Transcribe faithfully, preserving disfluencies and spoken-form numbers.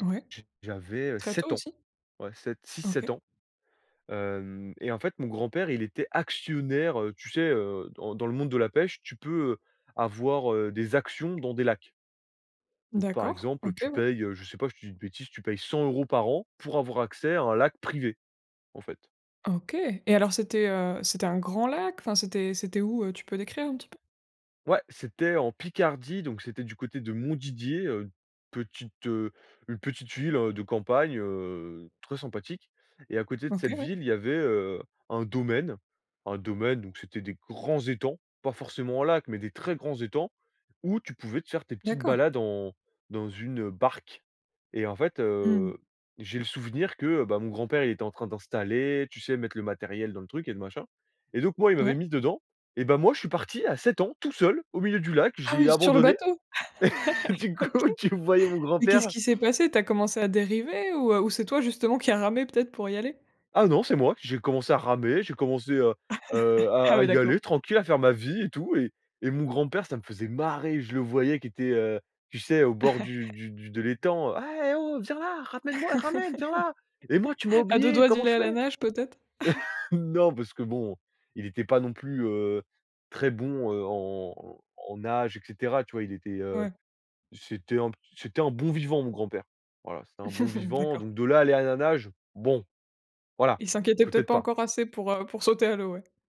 Ouais. J j'avais, heu, Très tôt sept ans. aussi? Ouais sept-six-sept OK. ans. Hem et en fait, mon grand-père, il était actionnaire, heu, tu sais, heu, dans dans le monde de la pêche, tu peux avoir, heu, des actions dans des lacs. Donc par D'accord. exemple, OK, tu ouais. payes, heu, je sais pas, je te dis une bêtise, tu payes cent euros par an pour avoir accès à un lac privé, en fait. OK et alors, c'était, heu, c'était un grand lac, enfin, c'était c'était où, heu, tu peux décrire un petit peu? Ouais, c'était en Picardie, donc c'était du côté de Montdidier, heu, petite, heu, une petite ville, heu, de campagne, heu, très sympathique et à côté de OK, cette ouais. ville, il y avait, heu, un domaine. Un domaine, donc c'était des grands étangs, pas forcément un lac, mais des très grands étangs, où tu pouvais te faire tes petites D'accord. balades en dans une, heu, barque et en fait, Mmh. heu, j'ai le souvenir que, ben, mon grand-père, il était en train d'installer, tu sais, mettre le matériel dans le truc et le machin et donc moi, il m'avait Ouais. mis dedans et ben, moi, je suis parti à sept ans, tout seul, au milieu du lac. Ah Je l'ai oui, sur le abandonné. bateau? Du OK. coup, tu voyais mon Mais qu'est-ce grand-père qui s'est passé? Tu as commencé à dériver ou, heu, ou c'est toi, justement, qui a ramé peut-être pour y aller? Ah non, c'est moi. J'ai commencé à ramer, j'ai commencé, heu heu, Ah à à oui y d'accord. aller tranquille, à faire ma vie et tout et et mon grand-père- ça me faisait marrer- je le voyais qui était, heu, tu sais, au bord du du du de l'étang: «Ah! Eh! Oh! Viens là, ramène moi, ramène, viens là! Et moi, tu m'as À deux oublié, doigts d'y comment aller je à la fais?» nage, peut-être? Non, parce que, bon, il était pas non plus, heu, très bon, heu, en en nage et cetera, tu vois? Il était, heu, Ouais. c'était un p c'était un bon vivant, mon grand-père. Voilà, c'était un bon vivant. D'accord. Donc de là à aller à la nage, bon, voilà, Il s'inquiétait peut-être peut-être pas pas. encore assez pour, heu, pour sauter à l'eau, ouais.